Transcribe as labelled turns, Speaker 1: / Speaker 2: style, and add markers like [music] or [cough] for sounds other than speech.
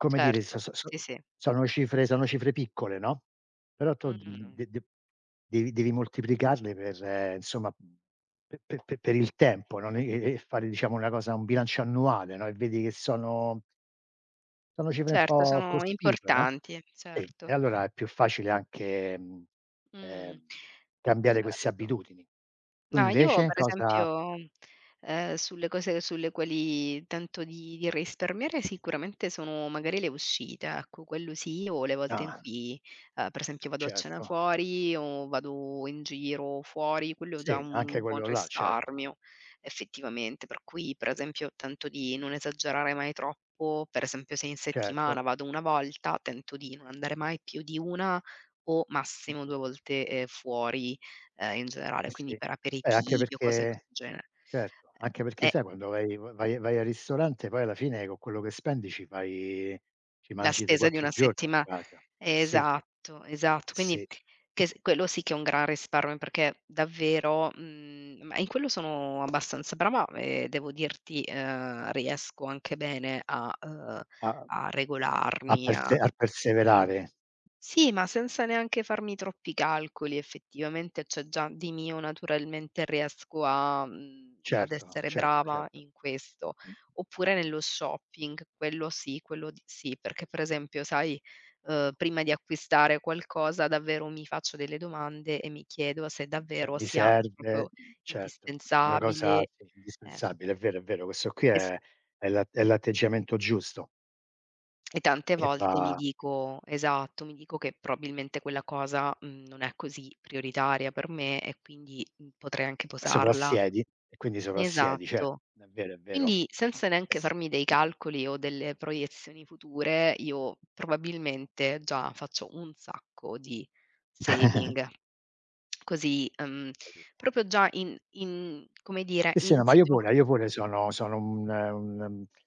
Speaker 1: Come dire
Speaker 2: Certo,
Speaker 1: so-so-so
Speaker 2: sì, sì.
Speaker 1: sono cifre sono cifre piccole, no, però tu
Speaker 2: Mh-mh.
Speaker 1: d-de-de devi devi moltiplicarle per insomma pe-pe-pe per il tempo, no, e-e-e fare diciamo una cosa un bilancio annuale, no, e vedi che sono sono cifre un
Speaker 2: Certo,
Speaker 1: po'
Speaker 2: sono
Speaker 1: cospicue, no.
Speaker 2: importanti,
Speaker 1: Sì,
Speaker 2: certo.
Speaker 1: e allora è più facile anche
Speaker 2: Mhmm,
Speaker 1: ehm, cambiare queste
Speaker 2: certo.
Speaker 1: abitudini. Tu
Speaker 2: No, io
Speaker 1: invece
Speaker 2: per
Speaker 1: cosa
Speaker 2: esempio, ehm, sulle cose sulle quali tento di di risparmiare, sicuramente sono magari le uscite ecco, quello sì o le volte in
Speaker 1: Ah.
Speaker 2: cui, ehm, per esempio vado a cena
Speaker 1: Certo.
Speaker 2: fuori o vado in giro fuori, quello è già
Speaker 1: Sì, anche
Speaker 2: un buon
Speaker 1: quello là, certo.
Speaker 2: risparmio effettivamente. Per cui pre esempio tento di non esagerare mai troppo. Per esempio se in
Speaker 1: Certo.
Speaker 2: settimana, vado una volta, tento di non andare mai più di una o massimo
Speaker 1: Mh-mh.
Speaker 2: due volte, ehm, fuori, ehm, in generale,
Speaker 1: Eh
Speaker 2: quindi
Speaker 1: si,
Speaker 2: per
Speaker 1: beh anche
Speaker 2: aperitivi o cose di
Speaker 1: perché
Speaker 2: questo genere.
Speaker 1: certo, anche
Speaker 2: Eh,
Speaker 1: perché
Speaker 2: eh.
Speaker 1: sai quando vai-va-vai vai al ristorante poi alla fine con quello che spendi ci fai ci
Speaker 2: La
Speaker 1: mangi tre
Speaker 2: spesa di
Speaker 1: quattro
Speaker 2: una
Speaker 1: giorni a
Speaker 2: settima
Speaker 1: casa. Eh si.
Speaker 2: Esatto,
Speaker 1: Eh
Speaker 2: esatto. Quindi,
Speaker 1: si.
Speaker 2: che s quello sì che è un gran risparmio perché davvero mhmm, ma in quello sono abbastanza brava, e devo dirti, ehm, riesco anche bene a, uhm,
Speaker 1: A
Speaker 2: a
Speaker 1: a
Speaker 2: regolarmi,
Speaker 1: perse
Speaker 2: a
Speaker 1: a perseverare.
Speaker 2: Sì, ma senza neanche farmi troppi calcoli effettivamente, c'è già di mio naturalmente, riesco a, mhmm, ad
Speaker 1: Certo,
Speaker 2: essere
Speaker 1: certo,
Speaker 2: brava
Speaker 1: certo.
Speaker 2: in questo.
Speaker 1: [unintelligible]
Speaker 2: Oppure nello shopping, quello sì, quello sì, perché per esempio sai, uhm, prima di acquistare qualcosa, davvero mi faccio delle domande, e mi chiedo se
Speaker 1: Che
Speaker 2: davvero
Speaker 1: mi
Speaker 2: sia
Speaker 1: serve
Speaker 2: proprio
Speaker 1: certo, una cosa
Speaker 2: indispensabile,
Speaker 1: si
Speaker 2: ecco.
Speaker 1: indispensabile, è vero, è vero. Questo qui
Speaker 2: Esp
Speaker 1: è è l'at è l'atteggiamento giusto.
Speaker 2: E tante
Speaker 1: Che
Speaker 2: volte mi
Speaker 1: fa
Speaker 2: dico esatto, mi dico che probabilmente quella cosa, mhmm, non è così prioritaria per me, e quindi potrei anche posarla
Speaker 1: Soprassiedi e quindi soprassiedi, certo
Speaker 2: Esatto.
Speaker 1: è vero, è vero.
Speaker 2: Quindi senza
Speaker 1: Eh
Speaker 2: neanche
Speaker 1: si.
Speaker 2: farmi dei calcoli o delle proiezioni future, io probabilmente già faccio un sacco di saving.
Speaker 1: [chuckles]
Speaker 2: Così, uhm,
Speaker 1: Capito.
Speaker 2: proprio già in in, come dire
Speaker 1: Sì, sì, no ma io
Speaker 2: insito.
Speaker 1: pure, io pure sono sono un-un, uhm